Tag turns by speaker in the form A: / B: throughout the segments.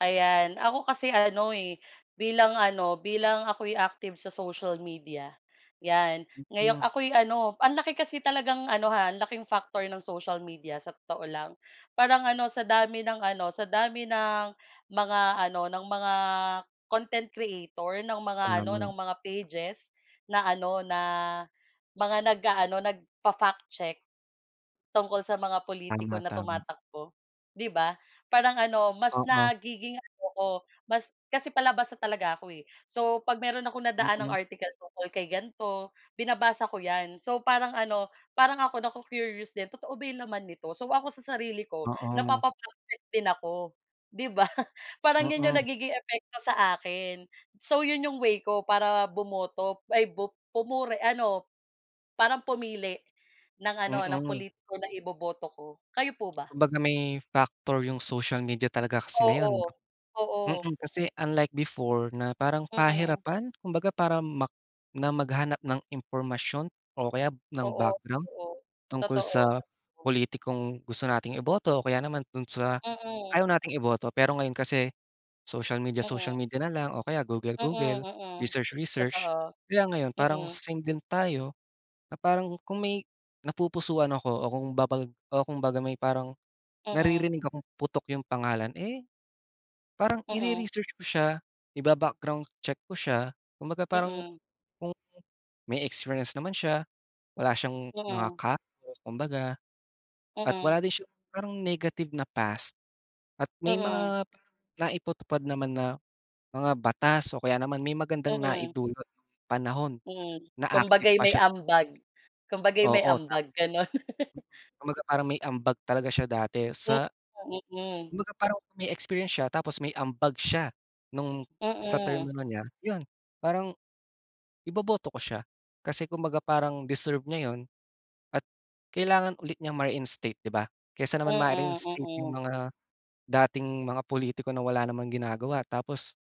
A: Ayan, ako kasi ano eh, bilang ano, bilang ako'y active sa social media. 'Yan, ngayon
B: Nga.
A: ako'y ano, ang laki kasi talagang ano ha, ang laking factor ng social media sa totoo lang, parang ano sa dami ng ano, sa dami ng mga ano, ng mga content creator, ng mga ano,
B: Tama.
A: ng mga pages, na ano, na mga nag-aano nagfa-fact check. Tungkol sa mga pulitiko
B: Tama,
A: na
B: tama
A: tumatakbo, 'di ba parang ano, mas
B: Oo.
A: nagiging ano ko, mas, kasi palabasa talaga ako eh, so 'pag meron akong nadaanang
B: Mm.
A: article tungkol kay ganito binabasa ko 'yan, so parang ano, parang ako nacu-curious din totoo ba yung laman nito, so ako sa sarili ko
B: Oo.
A: napapa-praktis din ako, 'di ba parang 'yon 'yong
B: Mm.
A: nagiging epekto sa akin. So 'yon 'yong way ko para bumoto ay bup pumuri ano. Parang pumili, ng ano, ng
B: Mm.
A: pulitiko na iboboto ko. Kayo po ba?
B: Kumbaga may factor yung social media talaga kasi ngayon.
A: Oo, oo.
B: Mm kasi unlike before na parang
A: Mm.
B: pahirapan kumbaga parang mak na maghanap ng impormasyon o kaya ng
A: Oo,
B: background,
A: totoo,
B: tungkol
A: totoo.
B: sa pulitikong gusto nating iboto o kaya naman dun sa,
A: Mm.
B: ayaw nating iboto pero ngayon kasi, social media, social
A: Oo.
B: media na lang, o kaya Google,
A: Mm,
B: Google,
A: mm,
B: research, research.
A: totoo,
B: Kaya ngayon parang
A: mm.
B: same din tayo, na parang kung may napupusuhan ako o kung babag o kung baga may parang,
A: Mm.
B: naririnig akong putok yung pangalan eh. Parang
A: Mm.
B: ire-research ko siya, iba-background check ko siya, kumbaga parang,
A: Mm.
B: kung may experience naman siya, wala siyang mga
A: Mm.
B: ka kumbaga. At
A: Mm.
B: wala din siyang parang negative na past, at may
A: Mm.
B: mga naipatupad naman na, mga batas o kaya naman may magandang
A: Mm.
B: naidulot yung panahon,
A: Mm,
B: na active
A: kumbaga'y
B: pa
A: may
B: siya.
A: ambag kumbaga'y may
B: Oo ta
A: ambag, gano'n.
B: Kumbaga parang may ambag talaga siya dati sa
A: Mm.
B: Kumbaga parang may experience siya tapos may ambag siya, nung sa term
A: Mm.
B: ano niya yun parang. Iboboto ko siya kasi kung baga parang deserve niya yun, at kailangan ulit niyang ma-reinstate 'di ba, kaysa naman
A: Mm,
B: ma-reinstate yung
A: mm.
B: mga, dating mga pulitiko na wala namang ginagawa tapos.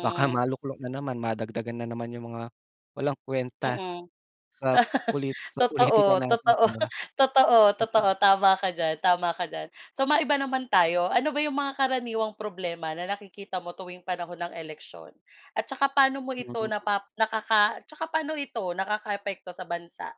B: Baka maluklok na naman madagdagan na naman yung mga, walang kwenta,
A: Mm.
B: sa pulit sa politika
A: Totoo,
B: natin
A: totoo,
B: 'di ba.
A: totoo, totoo,
B: Mm.
A: tama ka diyan tama ka diyan. So maiba naman tayo, ano ba yung mga karaniwang problema na nakikita mo tuwing panahon ng eleksyon? At tsaka paano mo ito
B: Mhm.
A: napap nakaka tsaka paano ito nakakaapekto sa bansa?